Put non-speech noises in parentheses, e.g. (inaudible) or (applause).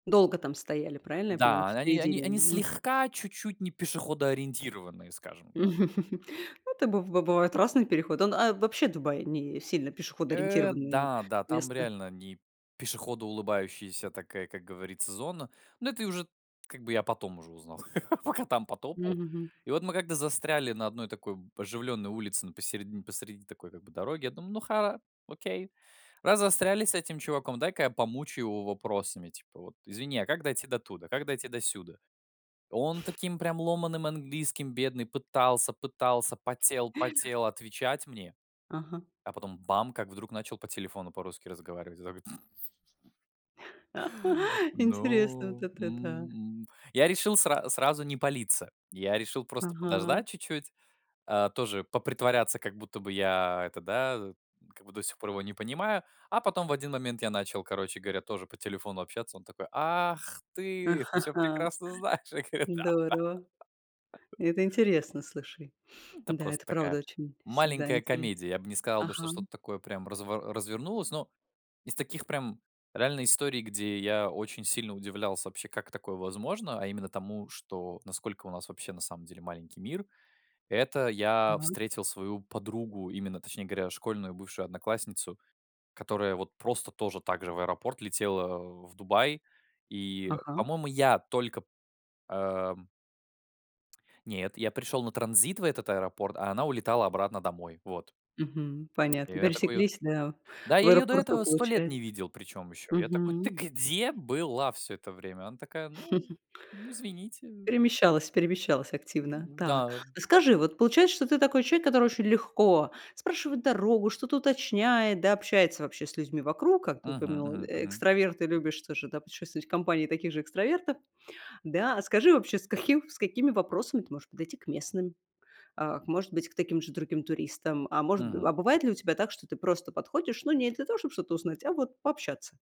Долго там стояли, правильно я понимаю? Да, а, В они они середине? они М. слегка чуть-чуть не пешеходоориентированные, скажем так. (chuckles) Ну это быв б бывает разный переход, он А вообще Дубай не сильно Э, пешеходоориентированное да, да, там место. реально не пешеходоулыбающаяся такая, как говорится, зона. Но это и уже как бы я потом уже узнал, (chuckles) пока там потопал. Мгм. И вот мы как-то застряли на одной такой, б, оживлённой улице, н по середин посреди такой как бы дороги, я думаю: "Ну ха окей. Раз застряли с этим чуваком, дай-ка я помучаю его вопросами типа вот: извини, а как дойти до туда? Как дойти до сюда?" Он таким прям ломаным английским, бедный, пытался, пытался, потел, потел отвечать мне, Ага. а потом бам как вдруг начал по телефону по-русски разговаривать. Я такой (chuckles) Интересно, вот Ну, это да. м, м, я решил сра сразу не палиться, я решил просто Ага. подождать чуть-чуть, э, тоже попритворяться, как будто бы я это, да, как бы, до сих пор его не понимаю. А потом в один момент я начал, короче говоря, тоже по телефону общаться. Он такой: "Ах, ты! Ты всё (chuckles) прекрасно знаешь". Я говорю: "Да, Здорово. да". Это интересно, слушай. Ну, это Да, просто это такая правда очень всегда маленькая интерес комедия. Я б не сказал бы, что Ага, м. что-то такое прям разво развернулось. Но из таких, прям реальной истории, где я очень сильно удивлялся вообще, как такое возможно, а именно тому, что, насколько у нас вообще на самом деле маленький мир. Это я (unintelligible) встретил свою подругу, именно, точнее говоря, школьную бывшую одноклассницу, которая вот просто тоже так же в аэропорт летела, э, в Дубай, и, Ага. по-моему, я только, э, м Нет, я пришёл на транзит в этот аэропорт, а она улетала обратно домой, вот. Мгм, И понятно. я такой её вот Пересеклись, да, Да, в я её до аэропорту, этого 100 лет получает не видел причём ещё. Я такой: "Ты Мгм. где была всё это время?" Она такая: "Ну, (chuckles) ну извините, э". Перемещалась, перемещалась активно. М, Так. да. А скажи, вот получается, что ты такой человек, который очень легко спрашивает дорогу, что-то уточняет, да, общается вообще с людьми вокруг. Как ты Мгм, упомянул, мгм, мгм. экстраверт и любишь тоже, да, путешествовать в компании таких же экстравертов, да? А скажи вообще, с каким с какими вопросами ты можешь подойти к местным, а, к может быть, к таким же другим туристам, а мож Б Мгм. а бывает ли у тебя так, что ты просто подходишь, ну, не для того, чтоб что-то узнать, а вот пообщаться?